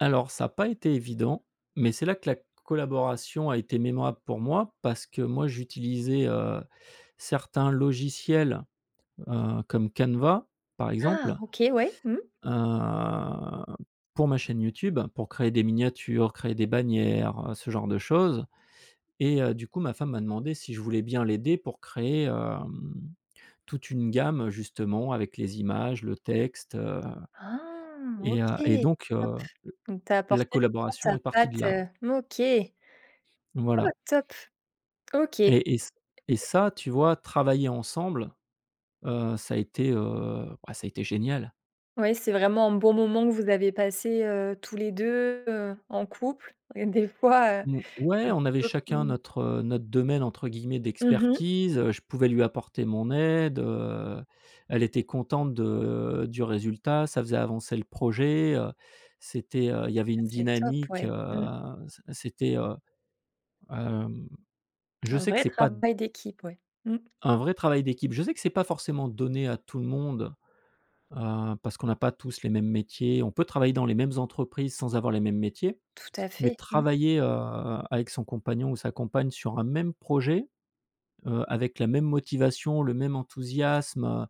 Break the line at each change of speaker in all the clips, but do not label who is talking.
Alors ça a pas été évident, mais c'est là que la c collaboration a été mémorable pour moi parce que moi j'utilisais, heu, certains logiciels, heu, comme Canva, par
Ah
exemple
OK, ouais, mmh.
heu, pour ma chaîne YouTube, pour créer des miniatures, créer des bannières, heu, ce genre de choses et heu, du coup, ma femme m'a demandé si je voulais bien l'aider pour créer, hem, toute une gamme, justement, avec les images, le texte, heu,
Ah OK,
et heu et donc
top,
heu,
donc tu as
l la
apporté vraiment
collaboration
ta
est partie de
patte?
là.
Heu, OK. Oh,
Voilà
top, OK.
et et ç et ça, tu vois, travailler ensemble, heu, ça a été, heu, bah, ça a été génial!
Ouais, c'est vraiment un bon moment que vous avez passé, heu, tous les 2, heu, en couple et des fois, heu,
Mmh, ouais,
un
on avait
peu,
chacun
mmh
notre, heu, notre domaine, entre guillemets,
Mmh mh.
«d'expertise», heu, je pouvais lui apporter mon aide, heu, elle était contente de du résultat, ça faisait avancer le projet, heu, c'était, heu, il y avait une
C'est top,
dynamique,
ouais,
heu,
mmh.
c c'était, heu, hem, je
Un
sais que
vrai
c'est pas d
travail d'équipe, ouais, mmh.
un vrai travail d'équipe, je sais que c'est pas forcément donné à tout le monde, heu, parce qu'on n'a pas tous les mêmes métiers. On peut travailler dans les mêmes entreprises sans avoir les mêmes métiers,
Tout à
mais
fait, mmh.
travailler, heu, avec son compagnon ou sa compagne sur un même projet, heu, avec la même motivation, le même enthousiasme, heu,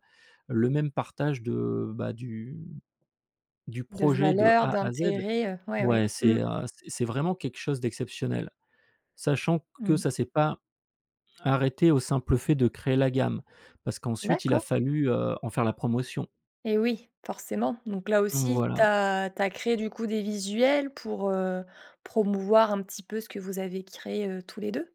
le même partage de, bah, du du
De
projet de
valeur,
A à Z,
d'intérêt, heu, ouais, ouais,
ouais c'est,
mmh.
heu, c'est c'est vraiment quelque chose d'exceptionnel. Sachant q que
Mmh.
ça s'est pas arrêté au simple fait de créer la gamme parce qu'ensuite il a
D'accord.
fallu, heu, en faire la promotion.
Et oui, forcément. Donc là
Mmh
aussi, tu
voilà.
as tu as créé, du coup, des visuels pour, heu, promouvoir un petit peu ce que vous avez créé, heu, tous les 2?